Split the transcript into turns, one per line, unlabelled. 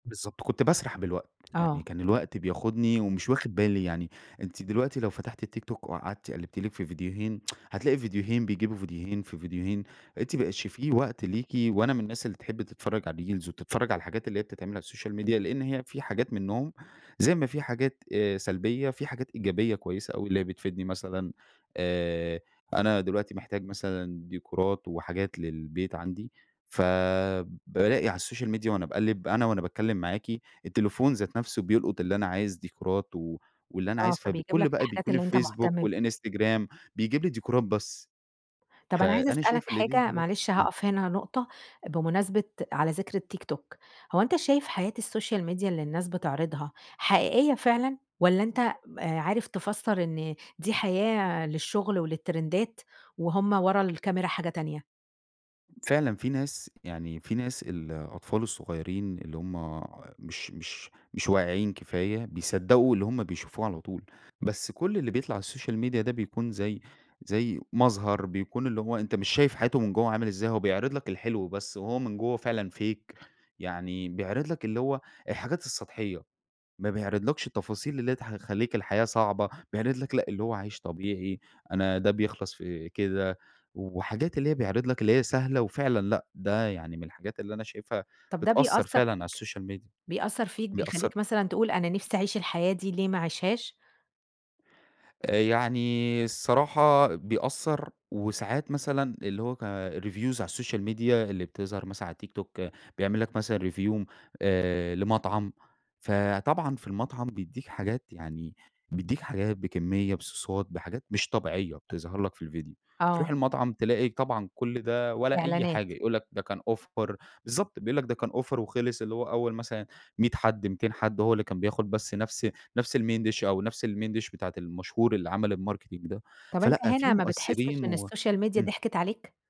بالضبط، كنت باسرح بالوقت.
آه.
يعني كان الوقت بياخدني، ومش واخد بالي يعني. أنتِ دلوقتي لو فتحتِ التيك توك، وقعدتِ قلّبتِ لِك في ڨيديوهين، هتلاقي ڤيديوهين بيجيبوا ڨيديوهين، في ڨيديوهين. أنتِ ما بقيتش فيه وقت ليكِ، وأنا من الناس اللي تحب تتفرّج على الريلز، وتتفرّج على الحاجات اللي هي بتتعمل على السوشيال ميديا، لإن هي في حاجات منهم زي ما في حاجات آآ سلبيّة، في حاجات إيجابية كويّسة أوي اللي هي بتفيدني مثلًا، آآ أنا دلوقتي محتاج مثلًا ديكورات، وحاجات للبيت عندي، فبالاقي على السوشيال ميديا وأنا باقلّب، أنا وأنا باتكلّم معاكِ، التليفون ذات نفسه بيلقُط اللي أنا عايز ديكورات، و واللي أنا
آ،
عايز
فبيجيب
فبكل
لك
بقى
الحاجات
بيكون
اللي أنت مهتم
الفيسبوك،
بيها.
والإنستجرام، بيجيب لي ديكورات بس.
طب أنا عايزة
فأنا
اسألك
شايف اللي دي
حاجة،
حاجات
معلش
إمم.
هاقف هنا نقطة، بمناسبة على ذكر التيك توك، هو أنت شايف حياة السوشيال ميديا اللي الناس بتعرضها حقيقيّة فعلًا، والّا أنت آآ عارف تفسّر إن دي حياة للشغل، وللترندات، وهم ورا الكاميرا حاجة تانية؟
فعلًا في ناس يعني في ناس الأطفال الصغيّرين اللي هم مش مش مش واعيين كفاية، بيصدّقوا اللي همّ بيشوفوه على طول. بس كل اللي بيطلع على السوشيال ميديا ده بيكون زي زي مظهر، بيكون اللي هو أنت مش شايف حياته من جوّه عامل إزاي، هو بيعرض لك الحلو بس، وهو من جوّه فعلًا fake يعني بيعرض لك اللي هو الحاجات السطحيّة. ما بيعرض لكش التفاصيل اللي هي ت هتخلّيك الحياة صعبة. بيعرض لك لأ، اللي هو عايش طبيعي، أنا ده بيخلص في كده، وحاجات اللي هي بيعرض لك اللي هي سهلة، وفعلًا لأ، ده يعني من الحاجات اللي أنا شايفها
طب ده
بتأثّر
بيأثّر
فعلًا على
فيك،
السوشيال ميديا.
بيأثر فيك
بيأثّر
بيخلّيك مثلًا تقول: "أنا نفسي اعيش الحياة دي، ليه ما اعيشهاش؟"
آآ يعني الصراحة بيأثّر، وساعات مثلًا اللي هو ك الreviews على السوشيال ميديا اللي بتظهر مثلًا على التيك توك، بيعمل لك مثلًا review آآ لمطعم. فطبعًا في المطعم بيدّيك حاجات يعني بيدّيك حاجات بكمية، بصوصات، بحاجات مش طبيعيّة بتظهر لك في الڤيديو. تروح
آه.
المطعم تلاقي طبعًا كل ده والّا أي
إعلانات.
حاجة، يقول لك ده كان offer بالضبط، بيقول لك ده كان offer وخلص، اللي هو أوّل مثلًا 100 حد، 200 حد هو اللي كان بياخد بس نفس نفس الMain dish أو نفس الMain dish بتاعة المشهور اللي عمل الmarketing ده،
طب أنت
فلأ في
هنا ما بتحسّش
مؤثّرين
إن
و
السوشيال ميديا
إمم.
ضحكِت عليك؟